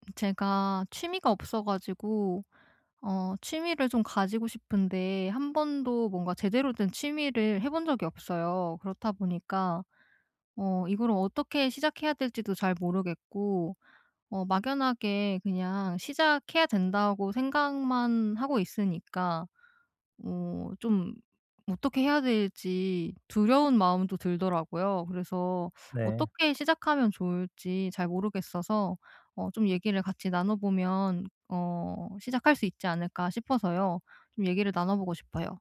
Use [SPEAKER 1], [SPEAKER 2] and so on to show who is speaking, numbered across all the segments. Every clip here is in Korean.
[SPEAKER 1] 음 제가 취미가 없어 가지고 어 취미를 좀 가지고 싶은데 한번도 뭔가 제대로 된 취미를 해 본 적이 없어요. 그렇다 보니까 어 이거를 어떻게 시작해야 될지도 잘 모르겠고 어 막연하게 그냥 '시작해야 된다.'고 생각만 하고 있으니까 뭐 좀 어떻게 해야 될지 두려운 마음도 들더라고요. 그래서
[SPEAKER 2] 네.
[SPEAKER 1] 어떻게 시작하면 좋을지 잘 모르겠어서 어 좀 얘기를 같이 나눠보면 '어 시작할 수 있지 않을까?' 싶어서요. 좀 얘기를 나눠 보고 싶어요.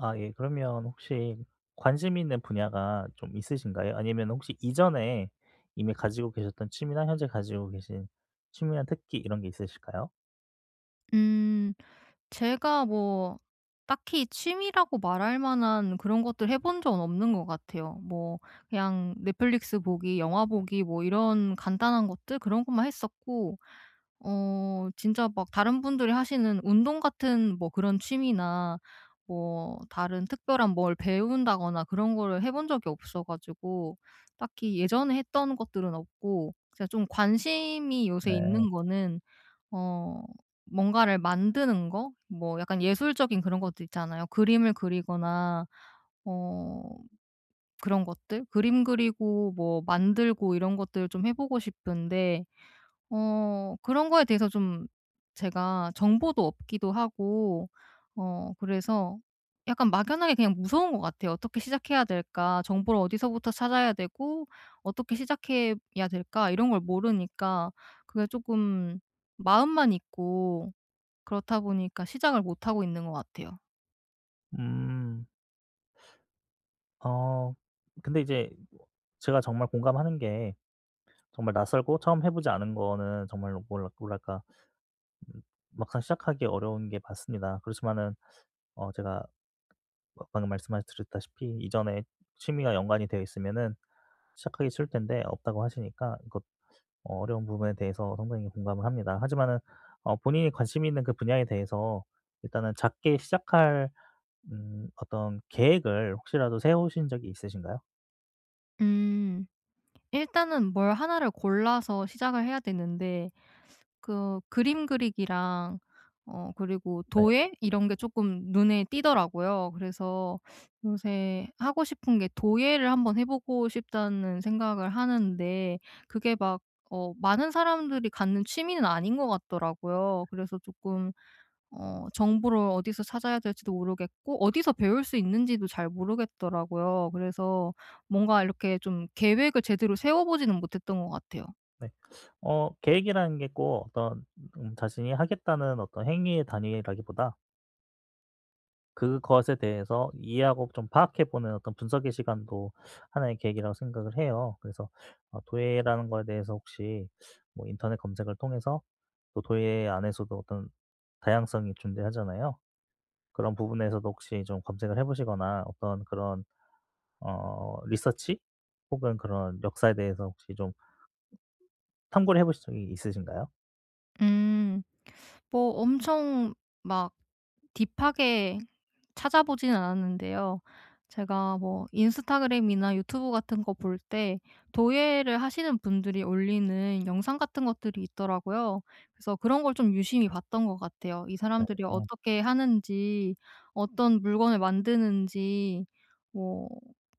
[SPEAKER 2] 아 예. 그러면 혹시 관심 있는 분야가 좀 있으신가요? 아니면은 혹시 이전에 이미 가지고 계셨던 취미나 현재 가지고 계신 취미나 특기 이런 게 있으실까요?
[SPEAKER 1] 음. 제가 뭐 딱히 취미라고 말할 만한 그런 것들을 해본 적은 없는 것 같아요. 뭐 그냥 넷플릭스 보기, 영화 보기 뭐 이런 간단한 것들 그런 것만 했었고 어 진짜 막 다른 분들이 하시는 운동 같은 뭐 그런 취미나 뭐 다른 특별한 뭘 배운다거나 그런 거를 해 본 적이 없어가지고 딱히 예전에 했던 것들은 없고 제가 좀 관심이 요새
[SPEAKER 2] 네.
[SPEAKER 1] 있는 거는 어 뭔가를 만드는 거 뭐 약간 예술적인 그런 것들 있잖아요. 그림을 그리거나 어 그런 것들 그림 그리고 뭐 만들고 이런 것들을 좀 해 보고 싶은데 어 그런 거에 대해서 좀 제가 정보도 없기도 하고 어 그래서 약간 막연하게 그냥 무서운 것 같아요. '어떻게 시작해야 될까?' '정보를 어디서부터 찾아야 되고 어떻게 시작해야 될까?' 이런 걸 모르니까 그게 쪼금 마음만 있고 그렇다 보니까 시작을 못 하고 있는 것 같아요.
[SPEAKER 2] 음. 어 근데 이제 뭐 제가 정말 공감하는 게 정말 낯설고 처음 해 보지 않은 거는 정말로 뭐라 뭐랄까. 음 막상 시작하기 어려운 게 맞습니다. 그렇지마는 어 제가 뭐 방금 말씀하 드렸다시피 이전에 취미와 연관이 되어 있으면은 시작하기 쉬울 텐데 없다고 하시니까 이거 어 어려운 부분에 대해서 상당히 공감을 합니다. 하지만은 어 본인이 관심이 있는 그 분야에 대해서 일단은 작게 시작할 음 어떤 계획을 혹시라도 세우신 적이 있으신가요?
[SPEAKER 1] 음. 일단은 뭘 1 를 골라서 시작을 해야 되는데 그 그림 그리기랑 어 그리고
[SPEAKER 2] 네.
[SPEAKER 1] 도예 이런 게 쪼끔 눈에 띄더라고요. 그래서 요새 하고 싶은 게 '도예를 한번 해 보고 싶다.'는 생각을 하는데 그게 막 어 많은 사람들이 갖는 취미는 아닌 것 같더라고요. 그래서 쪼끔 어 정보를 어디서 찾아야 될지도 모르겠고 어디서 배울 수 있는지도 잘 모르겠더라고요. 그래서 뭔가 이렇게 좀 계획을 제대로 세워 보지는 못했던 것 같아요.
[SPEAKER 2] 네. 어 계획이라는 게 꼭 어떤 음 자신이 하겠다는 어떤 행위의 단위라기보다 그것에 대해서 이해하고 좀 파악해 보는 어떤 분석의 시간도 하나의 계기라고 생각을 해요. 그래서 어 도예라는 거에 대해서 혹시 뭐 인터넷 검색을 통해서 또 도예 안에서도 어떤 다양성이 존재하잖아요. 그런 부분에서도 혹시 좀 검색을 해 보시거나 어떤 그런 어 리서치? 혹은 그런 역사에 대해서 혹시 좀 참고를 해보신 적이 있으신가요?
[SPEAKER 1] 음. 뭐 엄청 막 딥하게 찾아보진 않았는데요. 제가 뭐 인스타그램이나 유튜브 같은 거 볼 때 도예를 하시는 분들이 올리는 영상 같은 것들이 있더라고요. 그래서 그런 걸 좀 유심히 봤던 것 같아요. 이 사람들이
[SPEAKER 2] 네.
[SPEAKER 1] 어떻게 하는지 어떤 물건을 만드는지 뭐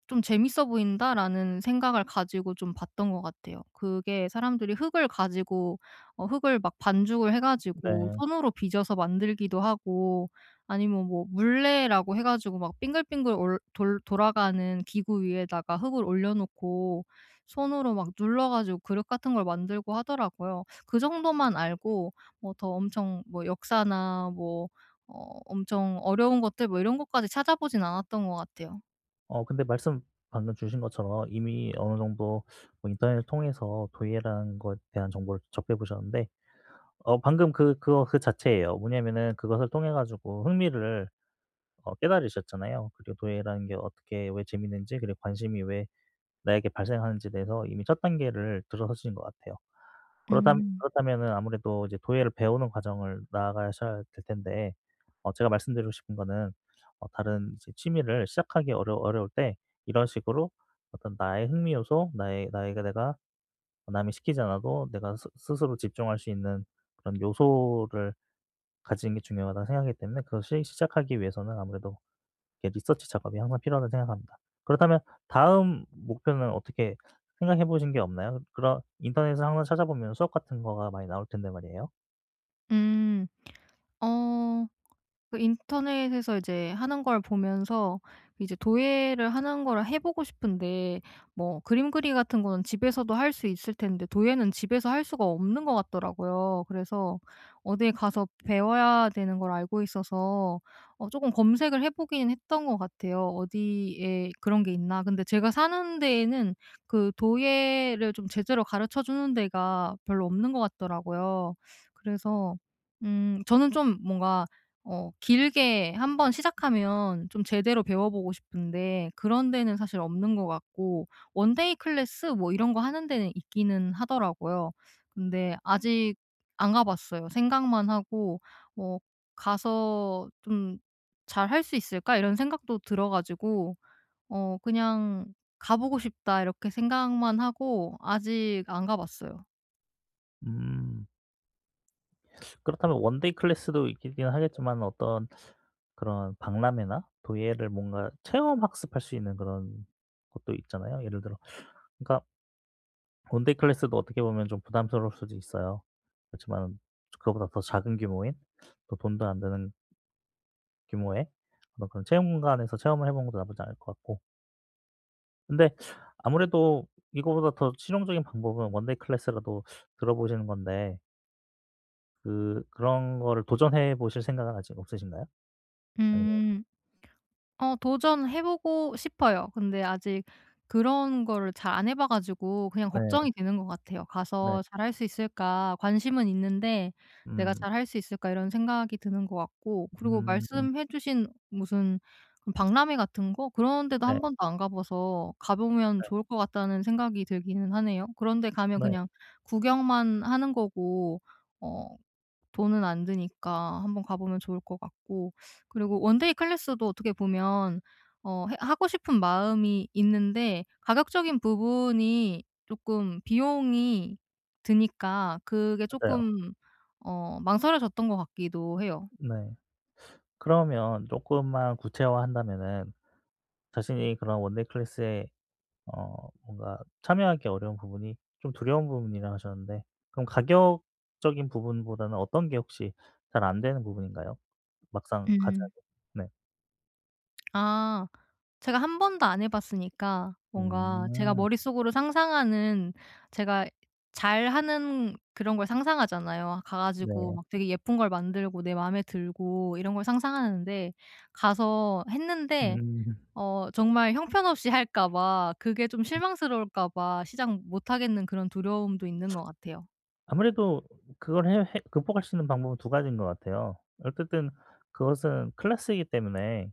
[SPEAKER 1] '좀 재밌어 보인다.'라는 생각을 가지고 좀 봤던 것 같아요. 그게 사람들이 흙을 가지고 어 흙을 막 반죽을 해가지고
[SPEAKER 2] 네.
[SPEAKER 1] 손으로 빚어서 만들기도 하고 아니면 뭐 물레라고 해 가지고 막 빙글빙글 올 돌 돌아가는 기구 위에다가 흙을 올려놓고 손으로 막 눌러 가지고 그릇 같은 걸 만들고 하더라고요. 그 정도만 알고 뭐 더 엄청 뭐 역사나 뭐 어 엄청 어려운 것들 뭐 이런 것까지 찾아보진 않았던 거 같아요.
[SPEAKER 2] 어 근데 말씀 방금 주신 것처럼 이미 어느 정도 뭐 인터넷을 통해서 도예라는 것 대한 정보를 접해 보셨는데 어 방금 그 그거 그 자체예요. 뭐냐면은 그것을 통해 가지고 흥미를 어 깨달으셨잖아요. 그리고 도예라는 게 어떻게 왜 재미있는지 그리고 관심이 왜 나에게 발생하는지에 대해서 이미 첫 단계를 들어서신 것 같아요. 그렇담
[SPEAKER 1] 음.
[SPEAKER 2] 그렇다면은 아무래도 이제 도예를 배우는 과정을 나아가셔야 될 텐데 어 제가 말씀드리고 싶은 거는 어 다른 이제 취미를 시작하기 어려 어려울 때 이런 식으로 어떤 나의 흥미 요소 나의 나의 그 내가 남이 시키지 않아도 내가 스 스스로 집중할 수 있는 그런 요소를 가지는 게 중요하다고 생각하기 때문에 그것을 시작하기 위해서는 아무래도 이렇게 리서치 작업이 항상 필요하다고 생각합니다. 그렇다면 다음 목표는 어떻게 생각해 보신 게 없나요? 그런 인터넷을 항상 찾아보면 수업 같은 거가 많이 나올 텐데 말이에요.
[SPEAKER 1] 음. 어 그 인터넷에서 이제 하는 걸 보면서 이제 도예를 하는 거를 해 보고 싶은데 뭐 그림 그리기 같은 거는 집에서도 할 수 있을 텐데 도예는 집에서 할 수가 없는 것 같더라고요. 그래서 어디 가서 배워야 되는 걸 알고 있어서 어 쪼금 검색을 해 보긴 했던 것 같아요, 어디에 그런 게 있나. 근데 제가 사는 데에는 그 도예를 좀 제대로 가르쳐 주는 데가 별로 없는 것 같더라고요. 그래서 음 저는 좀 뭔가 어 길게 한번 시작하면 좀 제대로 배워보고 싶은데 그런 데는 사실 없는 것 같고 원데이 클래스 뭐 이런 거 하는 데는 있기는 하더라고요. 근데 아직 안 가 봤어요. 생각만 하고 뭐 '가서 좀 잘할 수 있을까?' 이런 생각도 들어 가지고 어 그냥 '가 보고 싶다.' 이렇게 생각만 하고 아직 안 가봤어요.
[SPEAKER 2] 음. 그렇다면 원데이 클래스도 있긴 하겠지만은 어떤 그런 박람회나 도예를 뭔가 체험 학습할 수 있는 그런 곳도 있잖아요. 예를 들어 그니까 원데이 클래스도 어떻게 보면 좀 부담스러울 수도 있어요. 그렇지만은 그거보다 더 작은 규모인 또 돈도 안 드는 규모의 어떤 그런 체험관에서 체험을 해보는 것도 나쁘지 않을 것 같고 근데 아무래도 이거보다 더 실용적인 방법은 원데이 클래스라도 들어보시는 건데 그 그런 거를 도전해보실 생각은 아직 없으신가요? 아니면
[SPEAKER 1] 음. 어 도전해 보고 싶어요. 근데 아직 그런 거를 잘 안 해 봐 가지고 그냥
[SPEAKER 2] 네.
[SPEAKER 1] 걱정이 되는 거 같아요.
[SPEAKER 2] 네.
[SPEAKER 1] '가서 잘 할 수 있을까 관심은 있는데 내가
[SPEAKER 2] 음.
[SPEAKER 1] 잘 할 수 있을까.' 이런 생각이 드는 것 같고 그리고
[SPEAKER 2] 음.
[SPEAKER 1] 말씀해 주신 무슨 박람회 같은 거 그런 데도
[SPEAKER 2] 네.
[SPEAKER 1] 한번도 안 가봐서 가보면
[SPEAKER 2] 네.
[SPEAKER 1] 좋을 것 같다는 생각이 들기는 하네요. 그런데 가면
[SPEAKER 2] 네.
[SPEAKER 1] 그냥 구경만 하는 거고 어 돈은 안 드니까 한번 가 보면 좋을 것 같고 그리고 원데이 클래스도 어떻게 보면 어 해 하고 싶은 마음이 있는데 가격적인 부분이 쪼끔 비용이 드니까 그게
[SPEAKER 2] 맞아요.
[SPEAKER 1] 쪼끔 어 망설여졌던 것 같기도 해요.
[SPEAKER 2] 네. 그러면 쪼끔만 구체화 한다면은 자신이 그런 원데이 클래스에 어 뭔가 참여하기 어려운 부분이 좀 두려운 부분이라고 하셨는데 그럼 가격적인 부분보다는 어떤 게 혹시 잘 안 되는 부분인가요? 막상 가자면
[SPEAKER 1] 음.
[SPEAKER 2] 네.
[SPEAKER 1] 아. 제가 한번도 안 해 봤으니까 뭔가 제가
[SPEAKER 2] 음.
[SPEAKER 1] 머릿속으로 상상하는 제가 잘하는 그런 걸 상상하잖아요. 가 가지고
[SPEAKER 2] 네.
[SPEAKER 1] 막 되게 예쁜 걸 만들고 내 맘에 들고 이런 걸 상상하는데 가서 했는데
[SPEAKER 2] 음.
[SPEAKER 1] 어 정말 형편없이 할까 봐 그게 좀 실망스러울까 봐 시작 못하겠는 그런 두려움도 있는 거 같아요.
[SPEAKER 2] 아무래도 그걸 해 해 극복할 수 있는 방법은 2 가지인 것 같아요. 어쨌든 그것은 클래스이기 때문에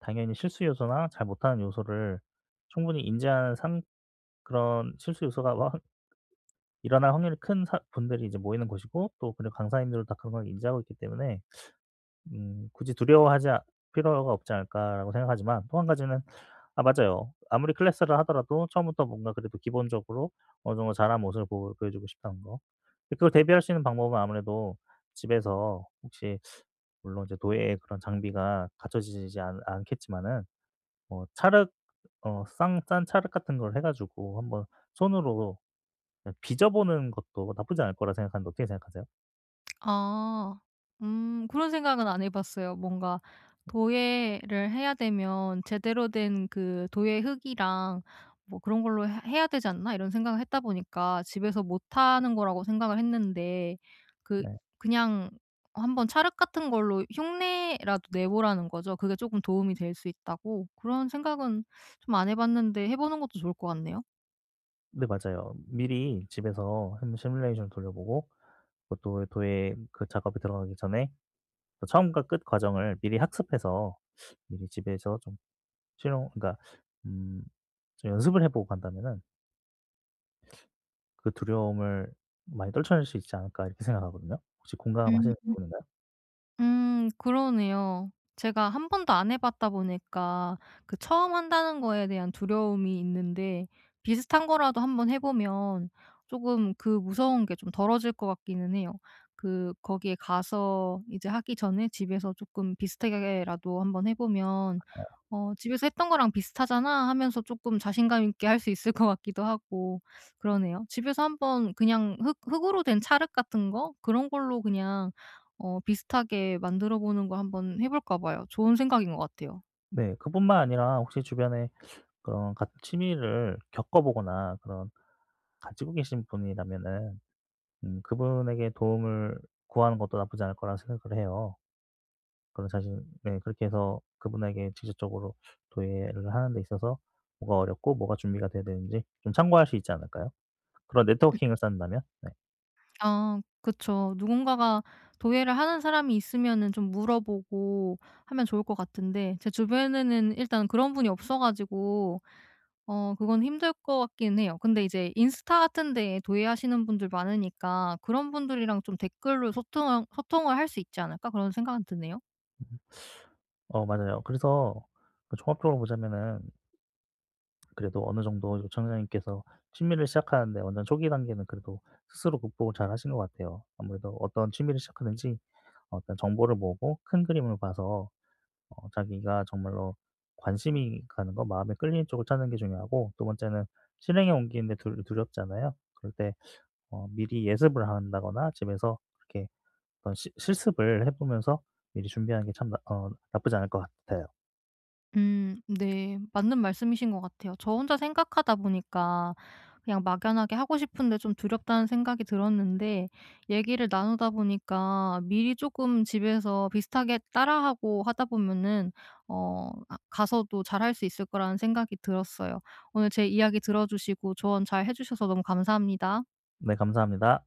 [SPEAKER 2] 당연히 실수 요소나 잘 못하는 요소를 충분히 인지한 상 그런 실수 요소가 와한 일어날 확률이 큰 사 분들이 이제 모이는 곳이고 또 그리고 강사님들도 다 그걸 인지하고 있기 때문에 음 '굳이 두려워하지 아 필요가 없지 않을까.'라고 생각하지만, 또 1 가지는 아 맞아요. 아무리 클래스를 하더라도 처음부터 뭔가 그래도 기본적으로 어느 정도 잘 한 모습을 보 보여 보여주고 싶다는 거. 그걸 대비할 수 있는 방법은 아무래도 집에서 혹시 물론 이제 도예의 그런 장비가 갖춰지지 지 않 않겠지만은 뭐 찰흙 어 싼 싼 찰흙 같은 걸 해 가지고 한번 손으로 그냥 빚어 보는 것도 나쁘지 않을 거라 생각하는데 어떻게 생각하세요?
[SPEAKER 1] 아. 음 그런 생각은 안 해 봤어요. 뭔가 도예를 해야 되면 '제대로 된 그 도예 흙이랑 뭐 그런 걸로 해 해야 되지 않나?' 이런 생각을 했다 보니까 집에서 못 하는 거라고 생각을 했는데 그
[SPEAKER 2] 네.
[SPEAKER 1] 그냥 어 한번 찰흙 같은 걸로 흉내라도 내보라는 거죠. 그게 쪼끔 도움이 될 수 있다고. 그런 생각은 좀 안 해 봤는데 해 보는 것도 좋을 것 같네요.
[SPEAKER 2] 네. 맞아요. 미리 집에서 한번 시뮬레이션을 돌려 보고 뭐 또 도예 그 작업이 들어가기 전에 처음과 끝 과정을 미리 학습해서 미리 집에서 좀 실험 그러니까 음 좀 연습을 해보고 간다면은 '그 두려움을 많이 떨쳐낼 수 있지 않을까?' 이렇게 생각하거든요. 혹시 공감하시는
[SPEAKER 1] 음.
[SPEAKER 2] 부분인가요?
[SPEAKER 1] 음. 그러네요. 제가 한번도 안 해 봤다 보니까 그 처음 한다는 거에 대한 두려움이 있는데 비슷한 거라도 한번 해 보면 조금 그 무서운 게 좀 덜어질 것 같기는 해요. 그 거기에 가서 이제 하기 전에 집에서 쪼끔 비슷하게 하게라도 한번 해 보면
[SPEAKER 2] 맞아요.
[SPEAKER 1] '어 집에서 했던 거랑 비슷하잖아.' 하면서 쪼끔 자신감 있게 할 수 있을 것 같기도 하고 그러네요. 집에서 한번 그냥 흙 흙으로 된 찰흙 같은 거 그런 걸로 그냥 어 비슷하게 만들어 보는 거 한번 해 볼까 봐요. 좋은 생각인 거 같아요.
[SPEAKER 2] 네. 그뿐만 아니라 혹시 주변에 어 같은 취미를 겪어 보거나 그런 가지고 계신 분이라면은 음 그분에게 도움을 구하는 것도 나쁘지 않을 거라고 생각을 해요. 그리고 사실 네 그렇게 해서 그분에게 직접적으로 도예를 하는 데 있어서 뭐가 어렵고 뭐가 준비가 돼야 되는지 좀 참고할 수 있지 않을까요? 그런
[SPEAKER 1] 으
[SPEAKER 2] 네트워킹을 쌓는다면 네.
[SPEAKER 1] 아 그쵸. 누군가가 도예를 하는 사람이 있으면은 좀 물어보고 하면 좋을 것 같은데 제 주변에는 일단 그런 분이 없어 가지고 어 그건 힘들 것 같긴 해요. 근데 이제 '인스타 같은 데에 도예 하시는 분들 많으니까 그런 분들이랑 좀 댓글로 소통할 소통을 할 수 있지 않을까?' 그런 생각은 드네요.
[SPEAKER 2] 어 맞아요. 그래서 그 종합적으로 보자면은 그래도 어느 정도 요청자님께서 취미를 시작하는데 어느 초기 단계는 그래도 스스로 극복을 잘하신 것 같아요. 아무래도 어떤 취미를 시작하든지 어떤 정보를 모으고 큰 그림을 봐서 어 자기가 정말로 관심이 가는 거 마음에 끌리는 쪽을 찾는 게 중요하고 2 번째는 실행에 옮기는 게 두 두렵잖아요. 그럴 때 어 미리 예습을 한다거나 집에서 그렇게 어떤 시 실습을 해보면서 미리 준비하는 게 참 나 어 나쁘지 않을 것 같아요.
[SPEAKER 1] 음 네. 맞는 말씀이신 것 같아요. 저 혼자 생각하다 보니까 그냥 막연하게 하고 싶은데 좀 두렵다는 생각이 들었는데 얘기를 나누다 보니까 미리 쪼끔 집에서 비슷하게 따라하고 하다 보면은 어 아 가서도 잘할 수 있을 거라는 생각이 들었어요. 오늘 제 이야기 들어주시고 조언 잘해 주셔서 너무 감사합니다.
[SPEAKER 2] 네. 감사합니다.